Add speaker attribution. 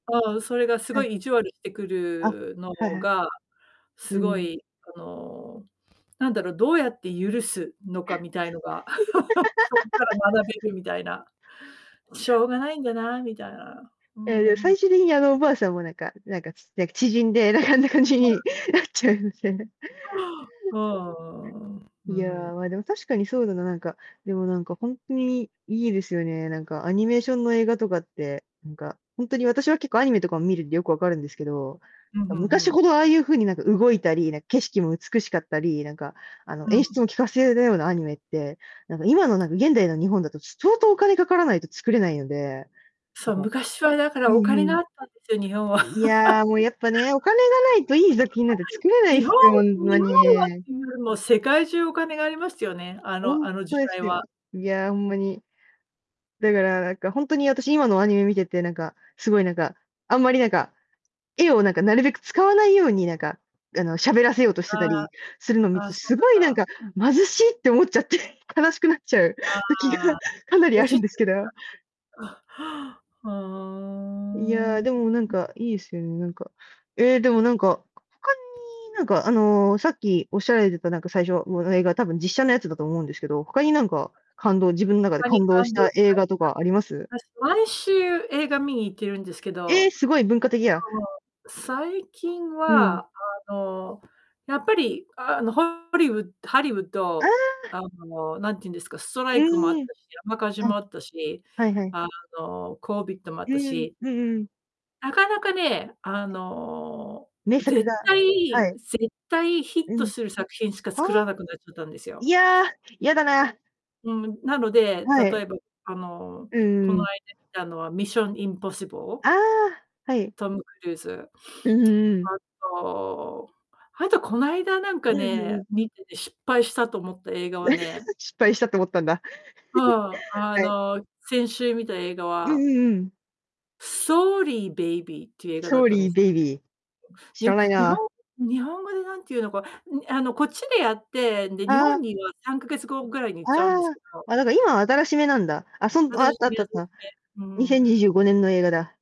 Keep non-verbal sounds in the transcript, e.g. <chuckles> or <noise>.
Speaker 1: ああ、それがす
Speaker 2: は
Speaker 1: ご
Speaker 2: い。
Speaker 1: い意地悪してく
Speaker 2: あ、
Speaker 1: るの
Speaker 2: はいはい。
Speaker 1: が、
Speaker 2: う
Speaker 1: す
Speaker 2: ー
Speaker 1: ご
Speaker 2: ん。
Speaker 1: い、あの、なんだろう、どうやって許すのか？みたいのが <laughs> そこから
Speaker 2: <laughs>
Speaker 1: 学べるみたいな。しょうがないんだな、みたいな。うーん、
Speaker 2: ええ、
Speaker 1: ううん。
Speaker 2: 最終的に、あのおばあさんもなんかなんか、ちっちゃ縮んで、なんかあんな感じ
Speaker 1: ほら。
Speaker 2: になっちゃうみたいな
Speaker 1: は、ああ、うー
Speaker 2: いや、
Speaker 1: ん。
Speaker 2: ま、でも、確かにそうだな、なんか、でも、なんか、ほんとにいいですよね、なんか、アニメーションの映画とかって、なんか、ほんとに、私は結構アニメとかを見るんで、よくわかるんですけど、
Speaker 1: ふん
Speaker 2: ま、
Speaker 1: ふんふ
Speaker 2: 昔
Speaker 1: ん。
Speaker 2: ほど、ああいう風に、なんか、動いたり、なんか景色も美しかったり、なんか、あの、
Speaker 1: う
Speaker 2: 演出
Speaker 1: ん。
Speaker 2: もきかせるようなアニメって、なんか、今の、なんか、現代の日本だと、ちょ、相当お金かからないと作れないので、な
Speaker 1: そ
Speaker 2: ん
Speaker 1: う、
Speaker 2: か
Speaker 1: 昔は、だか
Speaker 2: う
Speaker 1: ら、お
Speaker 2: んう
Speaker 1: 金
Speaker 2: ん。
Speaker 1: があったんですよ、日本は。
Speaker 2: いや、も、やっぱね、お金がないと、いい作品なんか作
Speaker 1: <laughs>
Speaker 2: れ
Speaker 1: <unintelligible>
Speaker 2: ない
Speaker 1: 日本
Speaker 2: すよ、ほん
Speaker 1: 日
Speaker 2: ま
Speaker 1: 本はっ
Speaker 2: に。
Speaker 1: ていうよりも、世界中お金がありますよね、あの
Speaker 2: ほんっ
Speaker 1: あの時
Speaker 2: とで
Speaker 1: 代
Speaker 2: す
Speaker 1: は。
Speaker 2: よ。いや、ほんまに。だから、なんか、ほんとに、私、今のアニメ見てて、なんか、すごいなんか、あんまりなんか、絵を、なんかなるべく使わないように、なんか、あの、喋らせようとして
Speaker 1: あ
Speaker 2: たりするの
Speaker 1: あ、
Speaker 2: 見
Speaker 1: あ
Speaker 2: る
Speaker 1: あ、
Speaker 2: と、
Speaker 1: そう
Speaker 2: すごいなん
Speaker 1: なんだ。
Speaker 2: か「貧し！」って思っちゃって、悲しくなっちゃう
Speaker 1: あ
Speaker 2: 時が
Speaker 1: あ。
Speaker 2: かなり
Speaker 1: ブ
Speaker 2: あ
Speaker 1: チ
Speaker 2: る
Speaker 1: っ
Speaker 2: ん
Speaker 1: て
Speaker 2: で
Speaker 1: き
Speaker 2: すけど。
Speaker 1: た。あ、はあ。
Speaker 2: いや、
Speaker 1: は
Speaker 2: で
Speaker 1: あ。
Speaker 2: もなんか、いいすよね、なんか。え、でも、なんか、他になんか、あの、さっきおっしゃられてた、なんか、最初もの、映画、多分実写のやつだと思うんですけど、他になんか、感動自分、中で
Speaker 1: 他に
Speaker 2: 感動し
Speaker 1: 感動
Speaker 2: た
Speaker 1: し
Speaker 2: 映画とかあります？
Speaker 1: た、さ私、毎週、映画見に行ってるんですけ
Speaker 2: え！
Speaker 1: ど、
Speaker 2: すごい文化的や。
Speaker 1: そう、最近
Speaker 2: うん。
Speaker 1: は、あの、やっぱり、あの、ホホリウハリウッ
Speaker 2: あ
Speaker 1: ド、
Speaker 2: あ！
Speaker 1: あの、なんてゆんですか、スト
Speaker 2: う
Speaker 1: ライクもあった
Speaker 2: ーん。
Speaker 1: し、山火事
Speaker 2: うん。
Speaker 1: もあったし、
Speaker 2: はいはい。
Speaker 1: あの、コービットもあっ
Speaker 2: う
Speaker 1: た
Speaker 2: ーん。
Speaker 1: し
Speaker 2: うんうんうん。
Speaker 1: なかなかね、あの、
Speaker 2: 名作
Speaker 1: 絶
Speaker 2: がは
Speaker 1: 対
Speaker 2: い。
Speaker 1: 絶対ヒッ
Speaker 2: う
Speaker 1: ト
Speaker 2: ん。
Speaker 1: する作品しか
Speaker 2: はあ。
Speaker 1: 作らなくなっちゃたんです
Speaker 2: い
Speaker 1: よ。
Speaker 2: や、やだな。
Speaker 1: うん。うん、なので、
Speaker 2: は
Speaker 1: 例
Speaker 2: い。
Speaker 1: えば、あの、
Speaker 2: うんう
Speaker 1: こ
Speaker 2: ん
Speaker 1: の
Speaker 2: うん。
Speaker 1: 間見たのは Mission Impossible。
Speaker 2: ああ、はい。
Speaker 1: トム・クルーズ。
Speaker 2: うん
Speaker 1: <sniffs>
Speaker 2: うんうん。
Speaker 1: あとあと、こないだなんか
Speaker 2: うん！ふん、う
Speaker 1: ね、
Speaker 2: ん。
Speaker 1: 見てて失敗したと思った映画はね
Speaker 2: <chuckles> 失敗したと思ったんだ。
Speaker 1: うん。
Speaker 2: <chuckles>
Speaker 1: あ
Speaker 2: はい。
Speaker 1: の、先週見た映画
Speaker 2: うんう
Speaker 1: は
Speaker 2: んうんうん。
Speaker 1: Sorry, Baby っていう映画だ
Speaker 2: ソ
Speaker 1: っ
Speaker 2: ー
Speaker 1: たんで
Speaker 2: リー、
Speaker 1: す。
Speaker 2: ベイビー。
Speaker 1: い
Speaker 2: 知
Speaker 1: や、
Speaker 2: らない
Speaker 1: 日本
Speaker 2: な。
Speaker 1: 日本語でなんてゆうのか、んにあの、こっちでやって、で、日
Speaker 2: ああ。う
Speaker 1: 本には3ヶ月後ぐらいに行っちゃうんで
Speaker 2: ん、
Speaker 1: す
Speaker 2: ああ。
Speaker 1: けど
Speaker 2: あ、だから、今、新し目なんだ。あ、そんあ、あったあったあった。
Speaker 1: <unintelligible> うー
Speaker 2: に
Speaker 1: ん。
Speaker 2: せんにじゅうごねんの映画だ。